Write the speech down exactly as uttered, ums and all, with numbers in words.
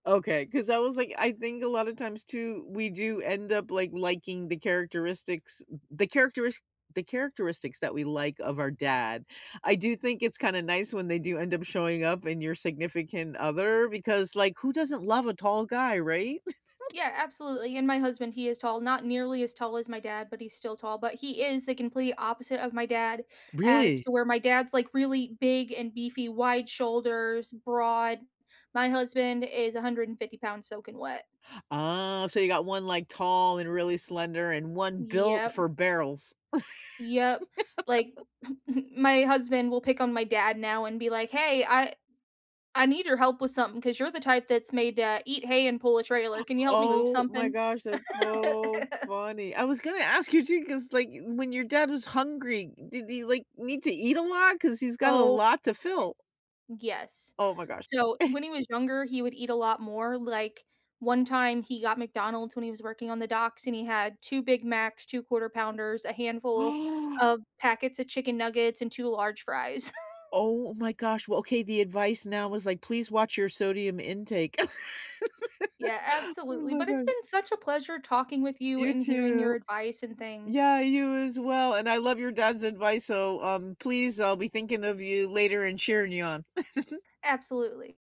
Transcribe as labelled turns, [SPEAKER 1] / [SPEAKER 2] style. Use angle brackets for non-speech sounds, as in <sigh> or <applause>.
[SPEAKER 1] Okay, 'cause I was like, I think a lot of times too, we do end up, like, liking the characteristics the characteris the characteristics that we like of our dad. I do think it's kinda nice when they do end up showing up in your significant other because, like, who doesn't love a tall guy, right? <giggles>
[SPEAKER 2] Yeah, absolutely, and my husband, he is tall- not nearly as tall as my dad, but he's still tall- but he is the complete opposite of my dad as
[SPEAKER 1] Really?
[SPEAKER 2] to where my dad's like really big and beefy, wide shoulders, broad. My husband is a hundred and fifty pounds soaking wet.
[SPEAKER 1] Ah, so you got one like, tall and really slender, and one built
[SPEAKER 2] Yep.
[SPEAKER 1] for barrels.
[SPEAKER 2] Yep. Like,
[SPEAKER 1] <laughs>
[SPEAKER 2] <giggles> my husband will pick on my dad now and be like, "Hey, I I need your help with something 'cause you're the type that's made to eat hay and pull a trailer. Can you help me move
[SPEAKER 1] Oh my
[SPEAKER 2] something?"
[SPEAKER 1] gosh, that's so
[SPEAKER 2] <giggles>
[SPEAKER 1] funny. I was gonna ask you too 'cause, like, when your dad was hungry, did he, like, need to eat a lot? 'Cause he's got a
[SPEAKER 2] Oh,
[SPEAKER 1] lot to
[SPEAKER 2] yes.
[SPEAKER 1] fill.
[SPEAKER 2] Yes.
[SPEAKER 1] Oh my gosh.
[SPEAKER 2] So
[SPEAKER 1] <chuckles>
[SPEAKER 2] when he was younger, he would eat a lot more. Like, one time he got McDonald's when he was working on the docks and he had two Big Macs, two Quarter Pounders, a handful
[SPEAKER 1] <gasps>
[SPEAKER 2] of packets of chicken nuggets and two large fries. <laughs>
[SPEAKER 1] Oh my gosh. Well, okay, the advice now was like, please watch your sodium intake.
[SPEAKER 2] Yeah,
[SPEAKER 1] <giggles> Oh
[SPEAKER 2] absolutely,
[SPEAKER 1] my
[SPEAKER 2] but it's
[SPEAKER 1] god.
[SPEAKER 2] been such a pleasure talking with you
[SPEAKER 1] You
[SPEAKER 2] and hearing your
[SPEAKER 1] too.
[SPEAKER 2] advice and things.
[SPEAKER 1] Yeah, you as well and I love your dad's advice, so, um, please, I'll be thinking of you later and cheering you on. <giggles>
[SPEAKER 2] Absolutely.